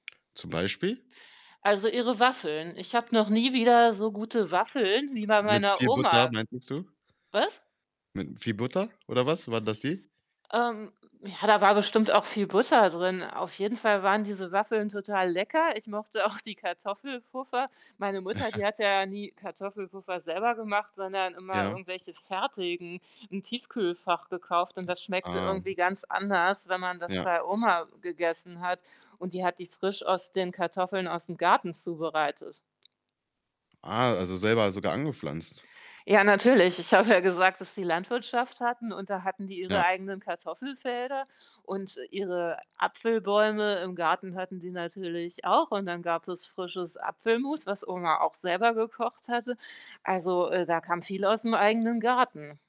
Zum Beispiel? Also, ihre Waffeln. Ich habe noch nie wieder so gute Waffeln wie bei Mit meiner viel Butter, Oma we meintest du? was? Mit viel Butter, oder was? Waren das die? Ähm, ja, da war bestimmt auch viel Butter drin. Auf jeden Fall waren diese Waffeln total lecker. Ich mochte auch die Kartoffelpuffer. Meine Mutter, die hatte ja nie Kartoffelpuffer selber gemacht, sondern immer Ja. irgendwelche fertigen im Tiefkühlfach gekauft und das A schmeckte ah. irgendwie ganz anders, wenn man das Ja. bei Oma gegessen hat und die hat die frisch aus den Kartoffeln aus'm Garten zubereitet. Ah, also, selber sogar angepflanzt. Ja, natürlich. Ich habe ja gesagt, dass die Landwirtschaft hatten und da hatten die ihre Ja. eigenen Kartoffelfelder und ihre Apfelbäume im Garten hatten sie natürlich auch und dann gab es frisches Apfelmus, was Oma auch selber gekocht hatte. Also, äh, da kam viel aus'm eigenen Garten.